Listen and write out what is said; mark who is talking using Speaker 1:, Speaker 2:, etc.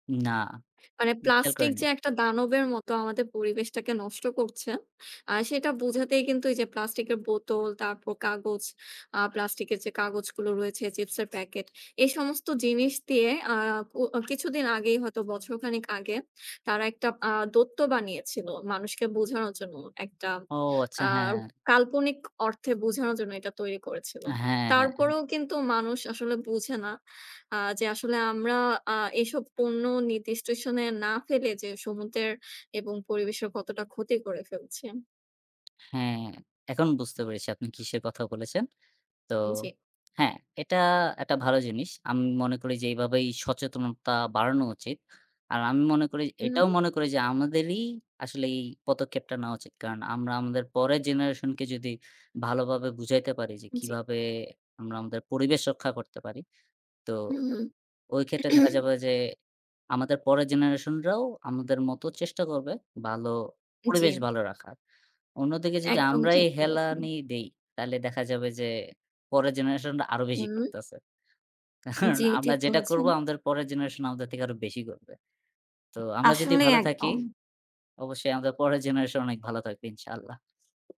Speaker 1: না।
Speaker 2: মানে
Speaker 1: খেয়াল
Speaker 2: plastic
Speaker 1: করেনি।
Speaker 2: যে একটা দানবের মতো আমাদের পরিবেশটাকে নষ্ট করছে। আ সেটা বোঝাতেই কিন্তু এই যে plastic এর বোতল, তারপর কাগজ, আ plastic এর যে কাগজগুলো রয়েছে, চিপসের packet। এই সমস্ত জিনিস দিয়ে অ্যা ও কো কিছুদিন আগেই হয়তো বছর খানিক আগে তারা একটা আ দৈত্য বানিয়েছিল মানুষকে বোঝানোর জন্য। একটা
Speaker 1: ও আচ্ছা,
Speaker 2: আ
Speaker 1: হ্যাঁ।
Speaker 2: কাল্পনিক অর্থে বোঝানোর জন্য এটা তৈরি করেছিল।
Speaker 1: হ্যাঁ, হ্যাঁ।
Speaker 2: তারপরও কিন্তু মানুষ আসলে বোঝে না, আ যে আসলে আমরা আ এইসব পণ্য নির্দিষ্ট স্থানে না ফেলে যে সমুদ্রের, এবং পরিবেশের কতটা ক্ষতি করে ফেলছি।
Speaker 1: হ্যাঁ, এখন বুঝতে পেরেছি আপনি কিসের কথা বলেছেন। তো
Speaker 2: জি।
Speaker 1: হ্যাঁ, এটা একটা ভালো জিনিস। আমি মনে করি যে, এইভাবেই সচেতনতা বাড়ানো উচিত। আর আমি মনে করি এটাও
Speaker 2: উম!
Speaker 1: মনে করি যে আমাদেরই আসলে এই পদক্ষেপটা নেওয়া উচিত। কারণ আমরা আমাদের পরের generation কে যদি ভালো ভাবে বুঝাইতে পারি যে,
Speaker 2: জি।
Speaker 1: কিভাবে আমরা আমাদের পরিবেশ রক্ষা করতে পারি, তো
Speaker 2: উম,
Speaker 1: ওই ক্ষেত্রে দেখা
Speaker 2: হুম।
Speaker 1: যাবে যে আমাদের পরের generation রাও আমাদের মতো চেষ্টা করবে ভালো পরিবেশ
Speaker 2: জি।
Speaker 1: ভালো রাখার। অন্যদিকে যদি
Speaker 2: একদম
Speaker 1: আমরাই
Speaker 2: ঠিক বলেছেন।
Speaker 1: হেলানি দেই, তাহলে দেখা যাবে যে পরের generation রা আরও বেশি
Speaker 2: উম।
Speaker 1: করতেছে। কারণ
Speaker 2: জি
Speaker 1: আমরা
Speaker 2: ঠিক
Speaker 1: যেটা করব
Speaker 2: বলেছেন।
Speaker 1: আমাদের পরের generation আমাদের থেকে আরও বেশি করবে। তো আমরা যদি
Speaker 2: আসলেই
Speaker 1: ভালো থাকি
Speaker 2: একদম।
Speaker 1: অবশ্যই আমাদের পরের generation অনেক ভালো থাকবে ইনশাল্লাহ।